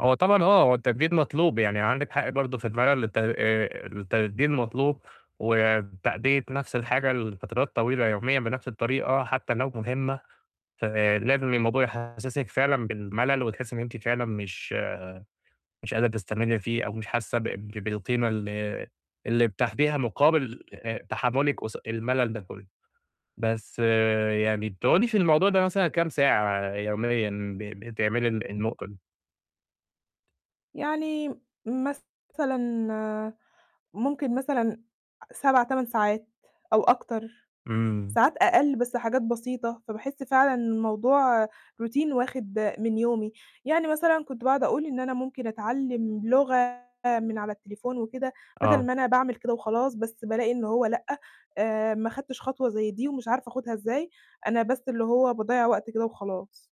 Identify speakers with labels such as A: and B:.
A: هو طبعًا آه، هو التجديد مطلوب، يعني عندِك حق برضه في المَلَل الت آآ التجديد المطلوب، وتأدية نَفْس الحاجة لفترات طويلة يوميًا بنَفْس الطريقة حتّى لو مهمّة، فلازم الموضوع يحسِّسك فعلًا بالمَلَل وتحس إن أنتِ فعلًا مش مش قادرة تستمرّي فيه أو مش حاسّة بق بالقيمة اللي اللي بتاخديها مقابل آآ، تحمُّلِك قص المَلَل ده كُلّه. بس يعني بتقعُدي في الموضوع ده مثلًا كام ساعة يوميًا ب بتعملي الن النقطة دي؟
B: يعني مثلًا ممكن مثلًا أ 7، 8 ساعات أو أكتر،
A: إمم.
B: ساعات أقل، بس حاجات بسيطة، فباحس فعلًا الموضوع روتين واخد من يومي. يعني مثلًا كنت باقعُد أقول إن أنا ممكن أتعلِّم لغة من على التليفون وكده بَدَل
A: آه.
B: ما أنا باعمل كده وخلاص، بس بالاقي إنّه هو لأ، آآ، ما خدتش خطوة زي دي ومش عارفة آخُدها إزاي، أنا بس اللي هو باضيّع وقت كده وخلاص.